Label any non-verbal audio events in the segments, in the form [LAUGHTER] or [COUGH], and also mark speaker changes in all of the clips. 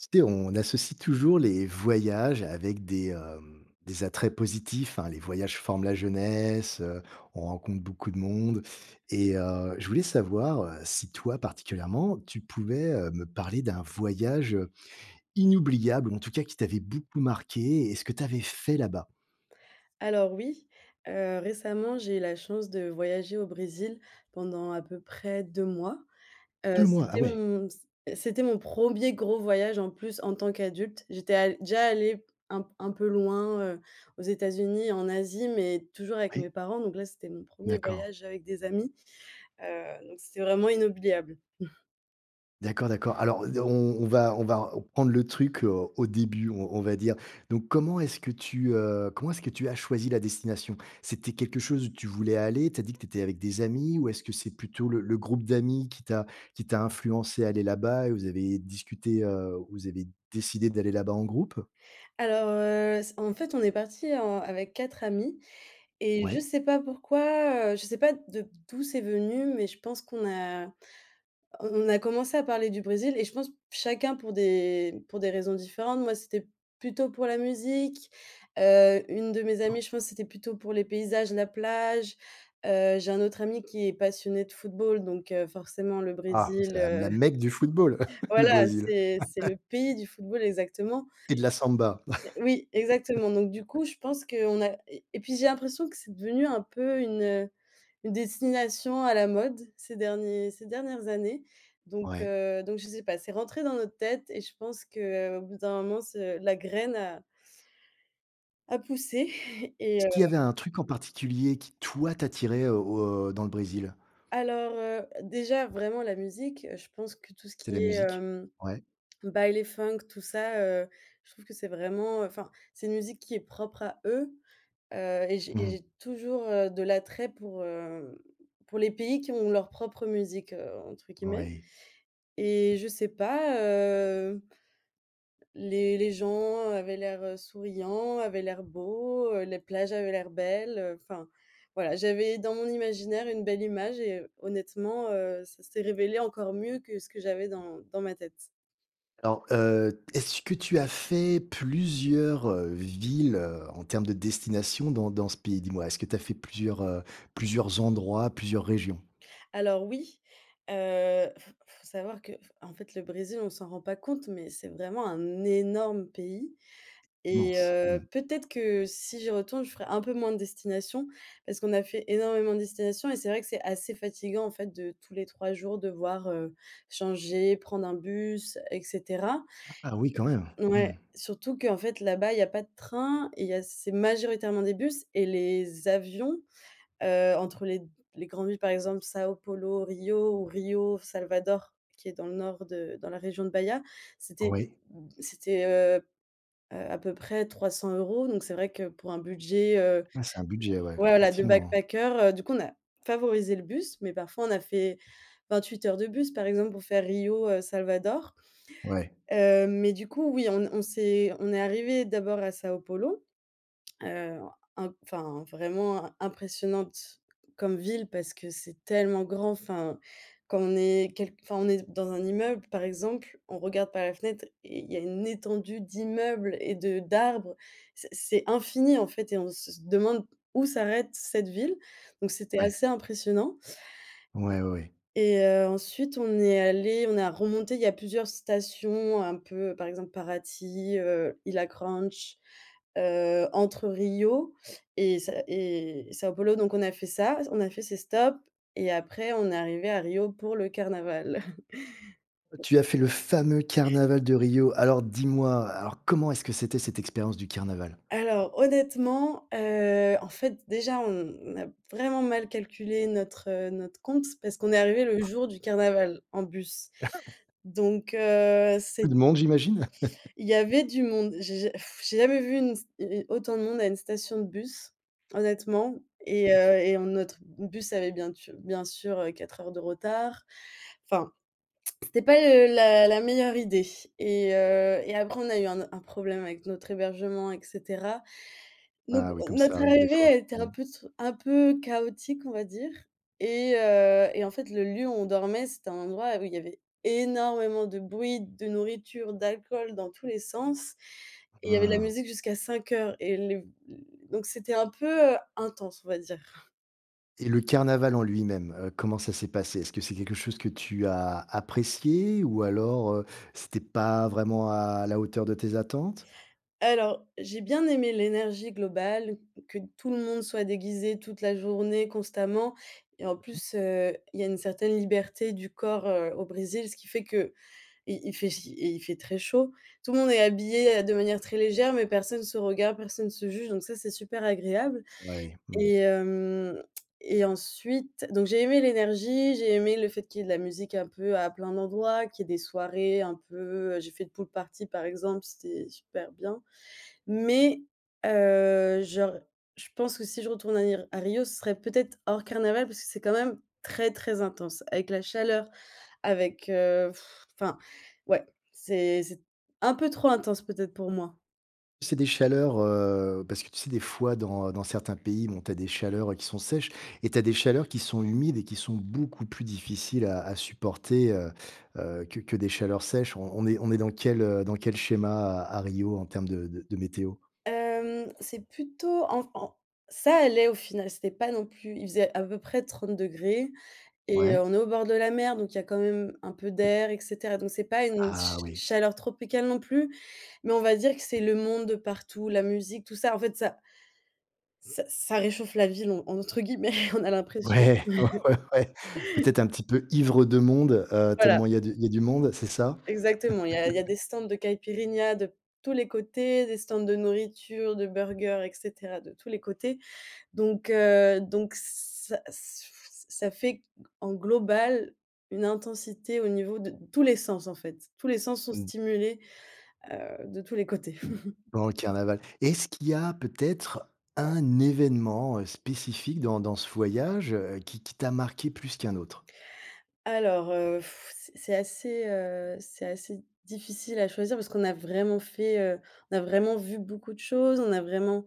Speaker 1: Tu sais on associe toujours les voyages avec des, hem, des attraits positifs, hein. Les voyages forment la jeunesse, heu, on rencontre beaucoup de monde et heu, je voulais savoir, heu, si toi particulièrement, tu pouvais, heu, me parler d'un voyage, heu, inoubliable ou en tout cas qui t'avait beaucoup marquée? Et ce que tu avais fait là-bas.
Speaker 2: Alors oui, heu, récemment j'ai eu la chance de voyager au Brésil pendant à peu près 2 mois, heu,
Speaker 1: 2 mois? Ah
Speaker 2: c'était
Speaker 1: ouais!
Speaker 2: mon c c'était mon 1er gros voyage en plus en tant qu'adulte. J'étais al déjà allée un un peu loin, heu, aux États-Unis, en Asie, mais toujours avec mes
Speaker 1: Oui.
Speaker 2: parents, donc là c'était mon 1er
Speaker 1: D'accord.
Speaker 2: voyage avec des amis, heu, donc c'était vraiment inoubliable. [CHUCKLES]
Speaker 1: D'accord, d'accord. Alors d heu, on on va on va r prendre le truc, heu, au début, on on va dire. Donc comment est-ce que tu, heu, comment est-ce que tu as choisi la destination? C'était quelque chose où tu voulais aller? Tu as dit que tu étais avec des amis, ou est-ce que c'est plutôt le le groupe d'amis qui t'a qui t'a influencée à aller là-bas et vous avez discuté, heu, vous avez décidé d'aller là-bas en groupe?
Speaker 2: Alors, heu, c en fait, on est parti en avec 4 amis et je
Speaker 1: Ouais.
Speaker 2: sais pas pourquoi, heu, je sais pas de d'où c'est venu, mais je pense qu'on a a on a commencé à parler du Brésil et je pense chacun pour des pour des raisons différentes. Moi c'était plutôt pour la musique, heu, une de mes amies, je pense que c'était plutôt pour les paysages, la plage, heu, j'ai un autre ami qui est passionné de football, donc, heu, forcément le
Speaker 1: Ah, c'est
Speaker 2: Brésil
Speaker 1: la
Speaker 2: heu
Speaker 1: la Mecque du football, [CHUCKLES] le
Speaker 2: voilà
Speaker 1: Brésil.
Speaker 2: c'est c'est le
Speaker 1: [LAUGHS]
Speaker 2: pays du football exactement.
Speaker 1: Et de la samba.
Speaker 2: Heu, oui exactement. Donc du
Speaker 1: [LAUGHS]
Speaker 2: coup je pense qu'on a et et puis j'ai l'impression que c'est devenu un peu une, heu, une destination à la mode ces derniers ces dernières années. Donc
Speaker 1: Ouais.
Speaker 2: heu donc je sais pas, c'est rentré dans notre tête et je pense que, heu, au bout d'un moment ce la graine a a poussé et
Speaker 1: Est-ce
Speaker 2: heu
Speaker 1: qu'il y avait un truc en particulier qui toi t'attirait au au, heu, dans le Brésil?
Speaker 2: Alors, heu, déjà vraiment la musique, heu, je pense que tout ce
Speaker 1: C'est
Speaker 2: qui
Speaker 1: la
Speaker 2: est,
Speaker 1: musique?
Speaker 2: hem,
Speaker 1: Ouais.
Speaker 2: Baile Funk tout ça, heu, je trouve que c'est vraiment, heu enfin c'est une musique qui est propre à eux, heu et j'ai et
Speaker 1: Mmh.
Speaker 2: j'ai toujours, heu, de l'attrait pour, hem, pour les pays qui ont leur «propre musique», heu, entre guillemets
Speaker 1: Oui.
Speaker 2: et je sais pas, heu les les gens avaient l'air, heu, souriants, avaient l'air beaux, heu, les plages avaient l'air belles, heu, enfin, voilà j'avais dans mon imaginaire une belle image et honnêtement, heu, ça s'est révélé encore mieux que ce que j'avais dans dans ma tête.
Speaker 1: Alors, heu, est-ce que tu as fait plusieurs, heu, villes, heu, en termes de destinations dans dans ce pays? Dis-moi, est-ce que tu as fait plusieurs, heu, plusieurs endroits, plusieurs régions?
Speaker 2: Alors oui, heu, f faut savoir que f en fait le Brésil on s'en rend pas compte mais c'est vraiment un énorme pays et
Speaker 1: Immense.
Speaker 2: heu,
Speaker 1: Mmh.
Speaker 2: peut-être que si j'y retourne, je ferai un peu moins de destinations parce qu'on a fait énormément de destinations et c'est vrai que c'est assez fatigant en fait de tous les 3 jours devoir, heu, changer, prendre un bus, et cetera.
Speaker 1: Ah oui quand même! Mmh.
Speaker 2: Ouais, surtout qu'en fait là-bas, il y a pas de train et il y a c'est majoritairement des bus et les avions, heu, entre les d les grandes villes par exemple São Paulo Rio ou Rio Salvador, qui est dans le nord de dans la région de Baya. C'était
Speaker 1: Oui.
Speaker 2: c'était, heu, heu, à peu près 300 € donc c'est vrai que pour un budget, heu,
Speaker 1: Ah. C'est un budget, ouais,
Speaker 2: voilà de
Speaker 1: effectivement.
Speaker 2: backpacker, heu, du coup on a favorisé le bus, mais parfois on a fait 28 heures de bus par exemple pour faire Rio, heu, Salvador,
Speaker 1: Ouais.
Speaker 2: heu, mais du coup oui on on s'est on est arrivés d'abord à São Paulo, heu, un enfin vraiment im impressionnante comme ville parce que c'est tellement grand. Enfin quand on est quelqu enfin on est dans un immeuble par exemple, on regarde par la fenêtre et il y a une étendue d'immeubles et de d'arbres. C c'est infini en fait et on se demande où s'arrête cette ville, donc c'était
Speaker 1: Ouais.
Speaker 2: assez impressionnant.
Speaker 1: Ouais, oui.
Speaker 2: Et heu, ensuite on est allés on a remonté il y a plusieurs stations un peu par exemple Paraty, heu, Ilha Granche, heu, entre Rio et Sa et São Paulo donc on a fait ça on a fait ces stops et après on est arrivés à Rio pour le carnaval. [CHUCKLES]
Speaker 1: Tu as fait le fameux carnaval de Rio. Alors dis-moi, alors comment est-ce que c'était cette expérience du carnaval?
Speaker 2: Alors honnêtement, heu, en fait déjà on a vraiment mal calculé notre notre compte parce qu'on est arrivés le jour du carnaval en bus
Speaker 1: [CHUCKLES]
Speaker 2: donc heu, c'est
Speaker 1: Beaucoup de monde j'imagine.
Speaker 2: Il y
Speaker 1: [CHUCKLES]
Speaker 2: avait du monde, j'ai ja [BLOWS AIR] j'ai jamais vu une st u autant de monde à une station de bus honnêtement et
Speaker 1: [CHUCKLES]
Speaker 2: heu, et en notre bus avait bien tu bien sûr, heu, 4 heures de retard. Enfin c'était pas le la la meilleure idée et heu, et après on a eu un o un problème avec notre hébergement, et cetera donc
Speaker 1: Ah oui, comme ça
Speaker 2: notre
Speaker 1: arrive des
Speaker 2: arrivée
Speaker 1: fois.
Speaker 2: a été
Speaker 1: Mmh.
Speaker 2: un peu tsou un peu chaotique on va dire, et heu, et en fait le lieu où on dormait, c'était un endroit où y avait énormément de bruit, de nourriture, d'alcool dans tous les sens et il y avait de la
Speaker 1: Ah.
Speaker 2: musique jusqu'à 5:00 et le donc c'était un peu, heu, intense, on va dire. [CHUCKLES]
Speaker 1: Et le carnaval en lui-même, heu, comment ça s'est passé? Est-ce que c'est quelque chose que tu as apprécié ou alors, heu, c'était pas vraiment à la hauteur de tes attentes?
Speaker 2: Alors, j'ai bien aimé l'énergie globale, que tout le monde soit déguisé toute la journée constamment et en
Speaker 1: [UNINTELLIGIBLE]
Speaker 2: plus, heu, il y a une certaine liberté du corps, heu, au Brésil ce qui fait que, il il fait ch il fait très chaud. Tout le monde est habillé, heu, de manière très légère mais personne se regarde. Personne se juge donc ça c'est super agréable
Speaker 1: Ouais. Mmh.
Speaker 2: et hem, et ensuite donc j'ai aimé l'énergie, j'ai aimé le fait qu'il y ait de la musique un peu à plein d'endroits, qu'il y ait des soirées un peu j'ai fait une pool party par exemple, c'était super bien mais, heu, genre, je pense que si je retourne à ir à Rio. Ce serait peut-être hors carnaval parce que c'est quand même très, très intense. Avec la chaleur, avec, heu, [BLOWS AIR] enfin ouais, c'est c'est un peu trop intense peut-être pour moi.
Speaker 1: C'est des chaleurs, heu, parce que tu sais, des fois dans dans certains pays, bon tu as des chaleurs qui sont sèches et tu as des chaleurs qui sont humides et qui sont beaucoup plus difficiles à à supporter, heu, heu, que que des chaleurs sèches. On on est on est dans quel, heu, dans quel schéma à à Rio en termes de de de météo?
Speaker 2: Hem, c'est plutôt en f en ça allait au final c'était pas non plus, il faisait à peu près 30°, et heu,
Speaker 1: Ouais.
Speaker 2: on est au bord de la mer, donc il y a quand même un peu d'air, et cetera, donc c'est pas une cha
Speaker 1: Ah oui.
Speaker 2: chaleur tropicale non plus, mais on va dire que c'est le monde de partout, la musique, tout ça. En fait, ça «ça ça réchauffe la ville» en entre guillemets, [CHUCKLES] on a l'impression.
Speaker 1: Ouais, ouais, ouais, ouais,
Speaker 2: [CHUCKLES]
Speaker 1: peut-être un petit peu ivre de monde, heu,
Speaker 2: Voilà.
Speaker 1: tellement il y a du il y a du monde, c'est ça?
Speaker 2: Exactement, il y a il y a
Speaker 1: [LAUGHS]
Speaker 2: des stands de Caïpirinha de tous les côtés. Des stands de nourriture, de burgers, et cetera de tous les côtés donc heu, donc ça s [BLOWS AIR] ça fait q en global une intensité au niveau de tous les sens en fait, tous les sens sont
Speaker 1: Mmh.
Speaker 2: stimulés, heu, de tous les côtés. [CHUCKLES]
Speaker 1: Durant le carnaval et est-ce qu'il y a peut-être un événement spécifique dans dans ce voyage, heu, qui qui t'a marqué plus qu'un autre?
Speaker 2: Alors, heu, [BLOWS AIR] c'est c'est assez, heu, c'est assez difficile à choisir parce qu'on a vraiment fait, heu, on a vraiment vu beaucoup de choses. On a vraiment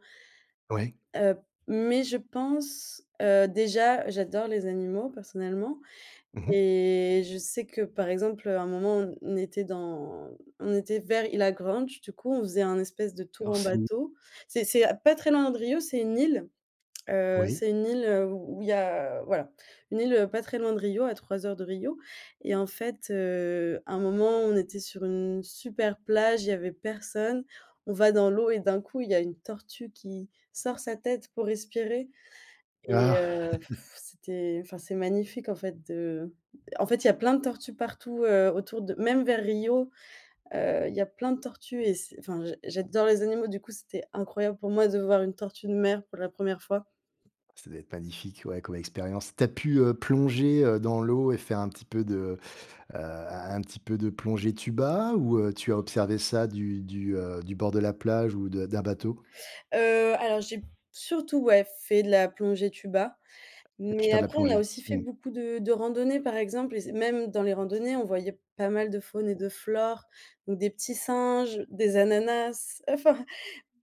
Speaker 1: Ouais.
Speaker 2: Heu, mais je pense heu, déjà j'adore les animaux personnellement
Speaker 1: Mmh mh.
Speaker 2: et je sais que par exemple, heu, à un moment on on était dans on était vers Ilha Granche du coup. On faisait un espèce de tour
Speaker 1: Alors,
Speaker 2: en
Speaker 1: c'est où?
Speaker 2: bateau c'est c'est pas très loin de Rio. C'est une île, heu,
Speaker 1: Oui.
Speaker 2: c'est une île, heu, où il y a, voilà une île pas très loin de Rio à 3 heures de Rio, et en fait, heu, à un moment on était sur une super plage, il y avait personne. On va dans l'eau et d'un coup il y a une tortue qui sort sa tête pour respirer, et
Speaker 1: Ah.
Speaker 2: heu,
Speaker 1: [CHUCKLES]
Speaker 2: [BLOWS AIR] c'était, enfin c'est magnifique en fait de en fait il y a plein de tortues partout, heu, autour de même vers Rio, heu, il y a plein de tortues et c'est enfin j'ad j'adore les animaux du coup c'était incroyable pour moi de voir une tortue de mer pour la 1re fois.
Speaker 1: Ça doit être magnifique, ouais, comme expérience. Tu as pu, heu, plonger, heu, dans l'eau et faire un petit peu de, heu, un un petit peu de plongée tuba ou heu, tu as observé ça du du, heu, du bord de la plage ou de d'un bateau?
Speaker 2: Heu, alors, j'ai surtout ouais fait de la plongée tuba,
Speaker 1: Tu as pu
Speaker 2: mais
Speaker 1: faire de la
Speaker 2: après on a
Speaker 1: plongée.
Speaker 2: aussi fait
Speaker 1: Mmh.
Speaker 2: beaucoup de de randonnées par exemple et c même dans les randonnées on voyait pas mal de faune et de flore ou des petits singes, des ananas, enfin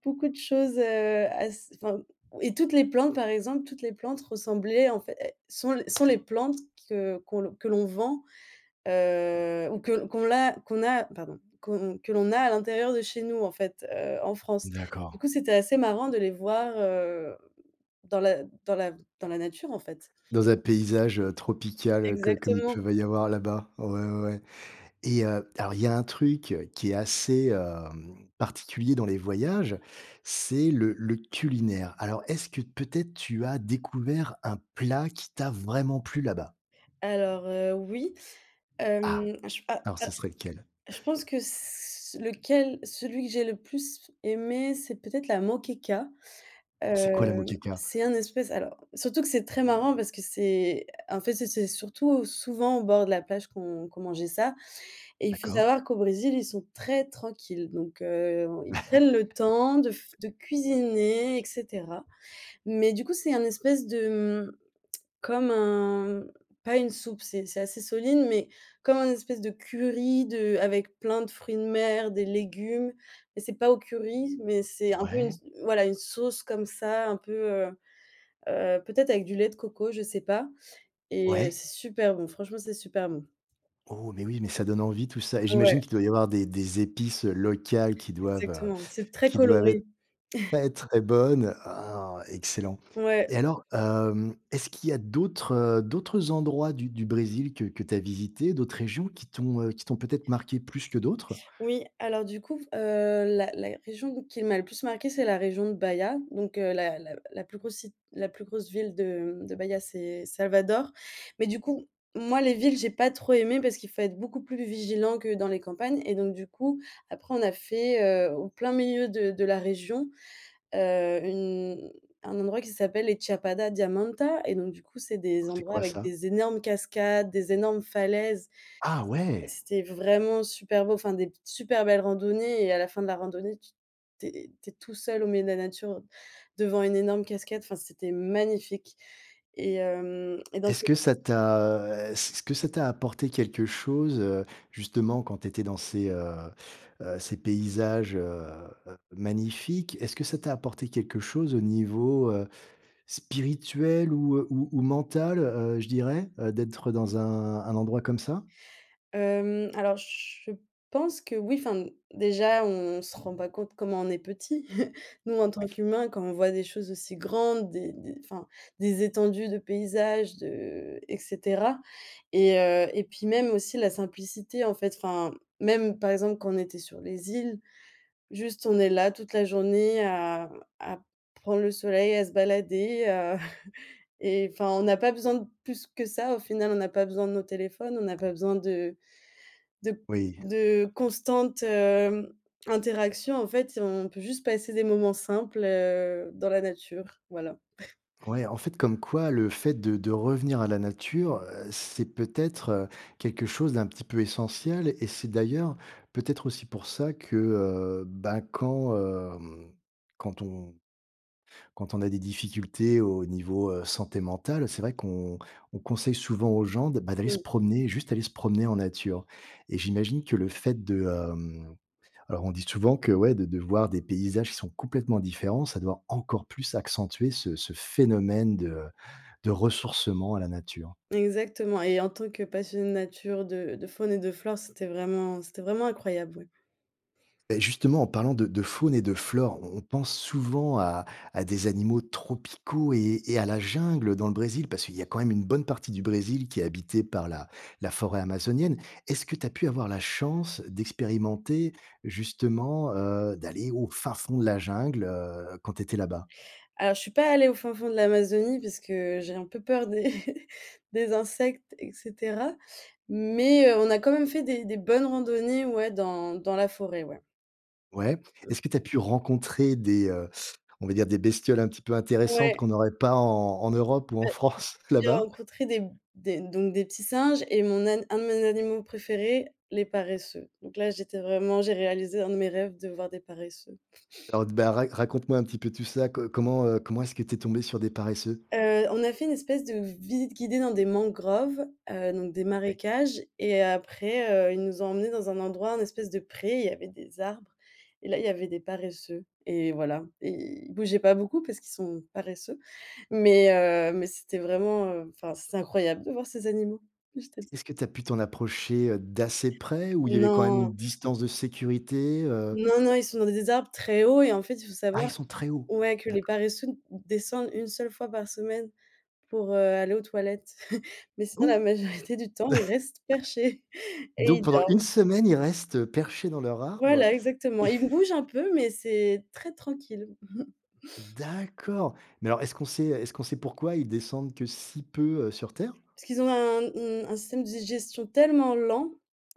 Speaker 2: beaucoup de choses, heu, as enfin et toutes les plantes par exemple toutes les plantes ressemblaient en fait é sont les sont les plantes que qu'on que l'on vend, heu, ou que qu'on l'a qu'on a, pardon, qu'on que l'on a à l'intérieur de chez nous en fait, heu, en France. Du
Speaker 1: D'accord.
Speaker 2: coup, c'était assez marrant de les voir, heu, dans la dans la dans la nature en fait.
Speaker 1: Dans un paysage, heu, tropical co comme il
Speaker 2: Exactement!
Speaker 1: pouvait y avoir là-bas. Ouais, ouais ouais et heu, alors il y a un truc, heu, qui est assez, hem, particulier dans les voyages, c'est le le culinaire. Alors, est-ce que peut-être tu as découvert un plat qui t'a vraiment plu là-bas?
Speaker 2: Alors, heu, oui,
Speaker 1: Ah.
Speaker 2: hem j a
Speaker 1: Alors ce serait lequel?
Speaker 2: a je
Speaker 1: [CHUCKLES]
Speaker 2: pense que s lequel, celui que j'ai le plus aimé, c'est peut-être la moqueca.
Speaker 1: C'est quoi la
Speaker 2: Hem,
Speaker 1: moqueca?
Speaker 2: c'est un espèce alors surtout que c'est très marrant parce que c'est en fait, c'est c'est surtout souvent en bord de la plage qu'on qu'on mangeait ça et il faut
Speaker 1: D'accord.
Speaker 2: savoir qu'au Brésil, ils sont très tranquilles donc heu, ils prennent le temps de f
Speaker 1: [LAUGHS]
Speaker 2: de cuisiner, et cetera, mais du coup, c'est un espèce de, mmh, [CLICKS TONGUE] comme un pas une soupe, c'est c'est assez solide, mais comme un espèce de curry de avec plein de fruits de mer, des légumes, mais c'est pas au curry, mais c'est un peu une
Speaker 1: Ouais.
Speaker 2: s voilà, une sauce comme ça, un peu, heu, heu, peut-être avec du lait de coco, je sais pas et heu,
Speaker 1: Ouais.
Speaker 2: c'est super bon, franchement c'est super bon.
Speaker 1: Oh mais oui, mais ça donne envie tout ça, et j'imagine
Speaker 2: Ouais.
Speaker 1: qu'il doit y avoir des des épices locales qui doivent
Speaker 2: Exactement, c'est très
Speaker 1: qui doivent être
Speaker 2: coloré. [CHUCKLES]
Speaker 1: pas être très bonnes oh! Excellent!
Speaker 2: Ouais.
Speaker 1: Et alors, hem, est-ce qu'il y a d'autres, heu, d'autres endroits du du Brésil que que tu as visités, d'autres régions qui t'ont, heu, qui t'ont peut-être marquées plus que d'autres?
Speaker 2: Oui, alors du coup f heu, la la région où qu'il m'a le plus marquée c'est la région de Baya donc la la la plus grosse si la plus grosse ville de, mmh, de Baya c'est Salvador mais du coup moi les villes j'ai pas trop aimé parce qu'il faut être beaucoup plus vigilant que dans les campagnes et donc du coup après on a fait, heu, au plein milieu de de la région, heu, une un endroit qui s'appelle les Chapada Diamantina et donc du coup c'est des
Speaker 1: Alors, c'est
Speaker 2: endroits
Speaker 1: quoi
Speaker 2: avec
Speaker 1: ça?
Speaker 2: des énormes cascades, des énormes falaises.
Speaker 1: Ah ouais!
Speaker 2: C'était vraiment super beau, enfin des super belles randonnées et à la fin de la randonnée, tu tu es tu es tout seul au milieu de la nature devant une énorme cascade, enfin c'était magnifique, et hem et
Speaker 1: Est-ce
Speaker 2: [UNINTELLIGIBLE]
Speaker 1: que ça t'a, heu, s est-ce que ça t'a apporté quelque chose, heu, justement quand tu étais dans ces, heu, heu, ces paysages, heu, heu, magnifiques? Est-ce que ça t'a apporté quelque chose au niveau, heu, spirituel ou ou ou mental, heu, je dirais, heu, d'être dans un un endroit comme ça?
Speaker 2: Hem, alors je pense que oui, enfin déjà on se rend pas compte comment on est petit. [CHUCKLES] Nous en tant
Speaker 1: Oui.
Speaker 2: qu'humains, quand on voit des choses aussi grandes, des des enfin des étendues de paysages, de et cetera et heu, et puis même aussi la simplicité en fait enfin même par exemple quand on était sur les îles, juste on est là toute la journée à à prendre le soleil, à se balader, à [CHUCKLES] et enfin on n'a pas besoin de plus que ça au final. On n'a pas besoin de nos téléphones, on n'a pas besoin de de
Speaker 1: Oui.
Speaker 2: de constantes, hem, interactions en fait, on peut juste passer des moments simples, heu, dans la nature voilà. [CHUCKLES]
Speaker 1: Ouais, en fait comme quoi le fait de de revenir à la nature, heu, c'est peut-être quelque chose d'un petit peu essentiel et c'est d'ailleurs peut-être aussi pour ça que, heu, bah, quand, hem, quand on quand on a des difficultés au niveau, heu, santé mentale, c'est vrai qu'on on conseille souvent aux gens de, bah, d'aller se
Speaker 2: Mmh.
Speaker 1: promener. Juste aller se promener en nature, et j'imagine que le fait de hem, alors on dit souvent que ouais, de de voir des paysages qui sont complètement différents, ça doit encore plus accentuer ce ce phénomène de de ressourcement à la nature.
Speaker 2: Exactement et en tant que passionnée de nature de de faune et de flore, c'était vraiment c'était vraiment incroyable, ouais.
Speaker 1: Et justement, en parlant de de faune et de flore, on on pense souvent à à des animaux tropicaux et et à la jungle dans le Brésil, parce qu'il y a quand même une bonne partie du Brésil qui est habitée par la la forêt amazonienne. Est-ce que tu as pu avoir la chance d'expérimenter justement, heu, d'aller au fin fond de la jungle, heu, quand tu étais là-bas?
Speaker 2: Alors je suis pas allée au fin fond de l'Amazonie parce que j'ai un peu peur des [CHUCKLES] des insectes, et cetera, mais heu, on a quand même fait des des bonnes randonnées, ouais, dans dans la forêt, ouais.
Speaker 1: Ouais,
Speaker 2: Mmh.
Speaker 1: est-ce que tu as pu rencontrer des, heu, on va dire des bestioles un petit peu intéressantes
Speaker 2: Ouais.
Speaker 1: qu'on n'aurait pas en en Europe ou en
Speaker 2: Beh,
Speaker 1: France [CHUCKLES]
Speaker 2: j'ai
Speaker 1: là-bas?
Speaker 2: rencontré des des donc des petits singes et mon an un de mes animaux préférés: «les paresseux» donc là j'étais vraiment j'ai réalisé un de mes rêves de voir des paresseux.
Speaker 1: Alors d bah, ra raconte-moi un petit peu tout ça. Co comment, heu, comment est-ce que tu es tombée sur des paresseux?
Speaker 2: Heu, on a fait une espèce de v visite guidée dans des mangroves, heu, donc des
Speaker 1: Ouais.
Speaker 2: marécages et après, heu, ils nous ont emmenés dans un endroit, un espèce de pré, il y avait des arbres et là, il y avait des paresseux et voilà et ils bougeaient pas beaucoup parce qu'ils sont paresseux, mais heu, mais c'était vraiment, heu enfin c'était incroyable de voir ces animaux.. [UNINTELLIGIBLE]
Speaker 1: Est-ce que tu as pu t'en approcher, heu, d'assez près ou il y avait quand même une
Speaker 2: Non!
Speaker 1: distance de sécurité, heu
Speaker 2: Non, non, ils sont dans des arbres très hauts et en fait il faut
Speaker 1: Ah
Speaker 2: savoir
Speaker 1: ils sont très haut!
Speaker 2: ouais que les
Speaker 1: D'accord.
Speaker 2: paresseux descendent 1 seule fois par semaine pour, heu, aller aux toilettes, [CHUCKLES] mais
Speaker 1: Ah bon,
Speaker 2: sinon la
Speaker 1: [CHUCKLES]
Speaker 2: majorité du temps ils restent perchés et
Speaker 1: donc
Speaker 2: ils
Speaker 1: pendant 1
Speaker 2: dorment.
Speaker 1: semaine, ils restent perchés dans leur arbre.
Speaker 2: Voilà exactement, ils
Speaker 1: [CHUCKLES]
Speaker 2: bougent un peu, mais c'est très tranquille. [CHUCKLES]
Speaker 1: D'accord mais alors, est-ce qu'on sait, heu, est-ce qu'on sait pourquoi ils descendent que si peu, heu, sur terre?
Speaker 2: Parce qu'ils ont un, mmh, un système de digestion tellement lent,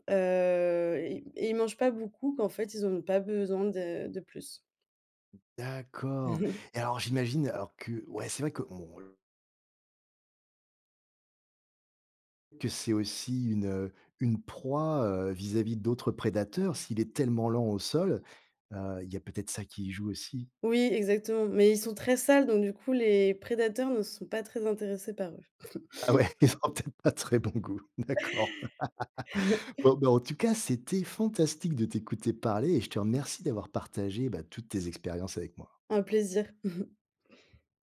Speaker 2: heu, é y et ils mangent pas beaucoup qu'en fait ils en ont pas besoin de de plus.
Speaker 1: D'accord
Speaker 2: [CHUCKLES]
Speaker 1: et alors j'imagine alors que ouais, c'est vrai que bon [UNINTELLIGIBLE] que c'est aussi une, heu, une proie, heu, vis-à-vis d'autres prédateurs. S'il est tellement lent au sol, heu, il y a peut-être ça qui y joue aussi?
Speaker 2: Oui exactement, mais ils sont très sales donc du coup les prédateurs ne sont pas très intéressés par eux.
Speaker 1: Ah
Speaker 2: [CHUCKLES]
Speaker 1: ouais, ils ont peut-être pas très bon goût, d'accord. [LAUGHS]
Speaker 2: [LAUGHS]
Speaker 1: Bon, bah, en tout cas, c'était fantastique de t'écouter parler et je te remercie d'avoir partagé, bah, toutes tes expériences avec moi.
Speaker 2: Un plaisir. [CHUCKLES]